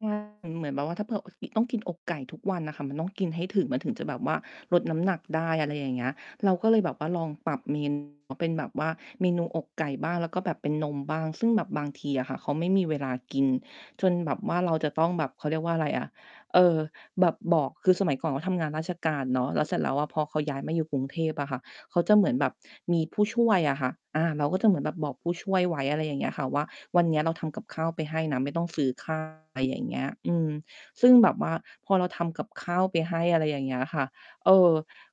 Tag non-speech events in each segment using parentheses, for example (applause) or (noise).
ใช่ มันเหมือนแบบว่า ถ้า ผ อ กิ ต้องกินอกไก่ทุกวันอะค่ะ มันต้องกินให้ถึง มันถึงจะแบบว่าลดน้ำหนักได้ อะไรอย่างเงี้ย เราก็เลยแบบว่าลองปรับเม นู เป็นแบบว่า เมนูอกไก่บ้าง แล้วก็แบบเป็นนมบ้าง ซึ่งแบบบางทีอะค่ะ เขาไม่มีเวลากินจนแบบว่าเราจะต้องแบบ เขาเรียกว่าอะไรอะ เออ แบบบอก คือสมัยก่อนเขาทำงานราชการเนาะ แล้วเสร็จแล้วอะพอเขาย้ายมาอยู่กรุงเทพอะค่ะ เขาจะเหมือนแบบมีผู้ช่วยอะค่ะ อา เราก็จะเหมือนแบบบอกผู้ช่วยไว้ อะไรอย่างเงี้ยอะค่ะ ว่าวันนี้เราทำกับข้าวไปให้นะ ไม่ต้องซื้อ ข้าว อะไรอย่างเงี้ย อืม ซึ่งแบบว่าพอเราทำกับข้าวไปให้ อะไรอย่างเงี้ยอะค่ะ เออ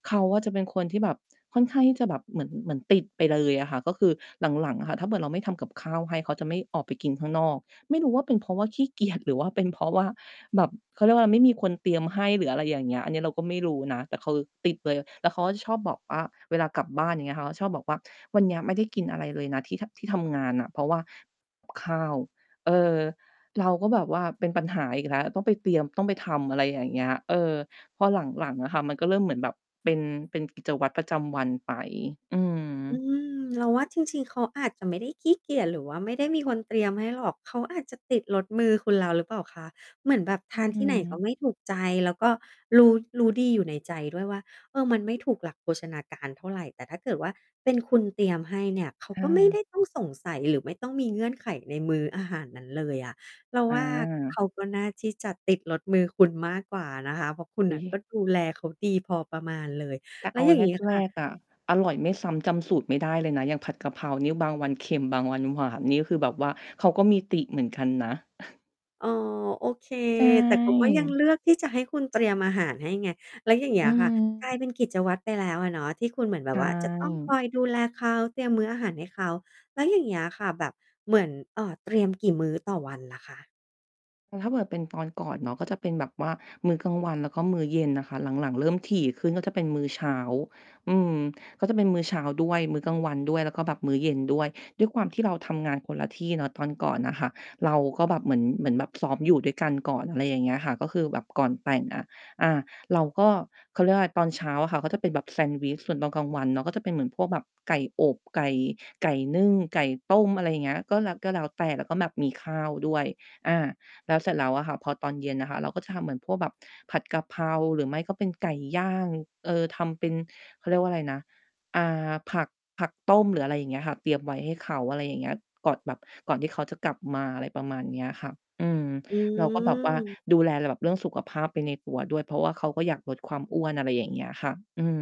เขาอะจะเป็นคนที่แบบค่อนข้างที่จะแบบเหมือน เหมือนติดไปเลยอะค่ะ ก็คือหลัง ๆ อะค่ะ ถ้าเกิดเราไม่ทำกับข้าวให้เขาจะไม่ออกไปกินข้างนอก ไม่รู้ว่าเป็นเพราะว่าขี้เกียจ หรือว่าเป็นเพราะว่าแบบ เขาเรียกว่าอะไร ไม่มีคนเตรียมให้ หรืออะไรอย่างเงี้ย อันนี้เราก็ไม่รู้นะ แต่เขาติดเลย แล้วเขาก็ชอบบอกว่า เวลากลับบ้าน อย่างเงี้ย เขาก็ชอบบอกว่า "วันเนี้ยไม่ได้กินอะไรเลยนะที่ ท ที่ทำงานน่ะ เพราะว่า ข้าว" เออ เราก็แบบว่าเป็นปัญหาอีกแล้ว ต้องไปเตรียม ต้องไปทำ อะไรอย่างเงี้ย เออ พอหลัง ๆ อะค่ะ มันก็เริ่มเหมือนแบบเป็น เป็นกิจวัตรประจำวันไป อือืม ม เราว่าจริง ๆ เขาอาจจะไม่ได้ขี้เกียจหรือว่าไม่ได้มีคนเตรียมให้หรอก เขาอาจจะติดรสมือคุณแล้วหรือเปล่าคะ? เหมือนแบบอทืานที่ไหนม ก็ไม่ถูกใจ แล้วก็รู้ รู้ดีอยู่ในใจด้วยว่า เออ มันไม่ถูกหลักโภชนาการเท่าไร แต่ถ้าเกิดว่าเป็นคุณเตรียมให้เนี่ย เขาเก็ไม่ไออ ด้ต้องสงสัยหรือไม่ต้องมีเงื่อนไขในมื้ออาหารนั้นเลยอะ เราอว่าา เขาก็น่าที่จะติดรสมือคุณมากกว่านะคะ เพราะคุณอุ๊น่ะย! ก็ดูแลเขาดีพอประมาณเลย แต่แลเ้อวาอย่างงี้แคร่ะ ก ๆ อะ อร่อยไม่ซ้ำจำสูตรไม่ได้เลยนะ อย่างผัดกะเพรานี่บางวันเค็ม บางวันหวาน นี่คือแบบว่าเขาก็มีติเหมือนกันนะ (chuckles) อ๋อ โอเค ใชแต่เขาก็ยัง่ เลือกที่จะให้คุณเตรียมอาหารให้ไง แล้วอย่างเงีอ้ืยค่ะ กลม ายเป็นกิจวัตรไปแล้วอะเนาะ ที่คุณเหมือนแบใชบว่าจะต้องคอ่ ยดูแลเขาเตรียมมื้ออาหารให้เขา แล้วอย่างเงี้ยอะค่ะแบบเหมือน เอ่อ เตรียมกี่มื้อต่อวันล่ะคะ? เออ ถ้าแบบเป็นตอนก่อนเนาะ ก็จะเป็นแบบว่ามื้อกลางวัน แล้วก็มื้อเย็นน่ะค่ะ หลัง ๆ เริ่มถี่ขึ้นก็จะเป็นมื้อเช้า อืม ก็จะเป็นมื้อเช้าด้วย มื้อกลางวันด้วย แล้วก็แบบมื้อเย็นด้วย ด้วยความที่เราทำงานคนละที่เนาะ ตอนก่อนน่ะค่ะ เราก็แบบเหมือน เหมือนแบบซ้อมอยู่ด้วยกันก่อน อะไรอย่างเงี้ยค่ะ ก็คือแบบก่อนแต่งอะ อา เราก็ เขาเรียกว่าอะไร ตอนเช้าอะค่ะก็จะเป็นแบบแซนด์วิช ส่วนตอนกลางวันเนาะ ก็จะเป็นเหมือนพวกแบบไก่อบ ไก่ ไก่นึ่ง ไก่ต้ม อะไรอย่างเงี้ย ก็แล้ว ก็แล้วแต่ แล้วก็แบบมีข้าวด้วย อา แล้วเสร็จแล้วอะค่ะ พอตอนเย็นอะค่ะ เราก็จะทำเหมือนพวกแบบผัดกะเพรา หรือไม่ก็เป็นไก่ย่าง เอ่อ ทำเป็น เขาเรียกว่าอะไรนะ อ่า ผัก ผักต้ม หรืออะไรอย่างเงี้ยค่ะ เตรียมไว้ให้เขา อะไรอย่างเงี้ย ก่อนแบบ ก่อนที่เขาจะกลับมา อะไรประมาณเนี้ยค่ะ อืม อเราก็แบบว่าืม ดูแลแบบเรื่องสุขภาพไปในตัวด้วย เพราะว่าเขาก็อยากลดความอ้วน อะไรอย่างเงี้ยค่ะ อืม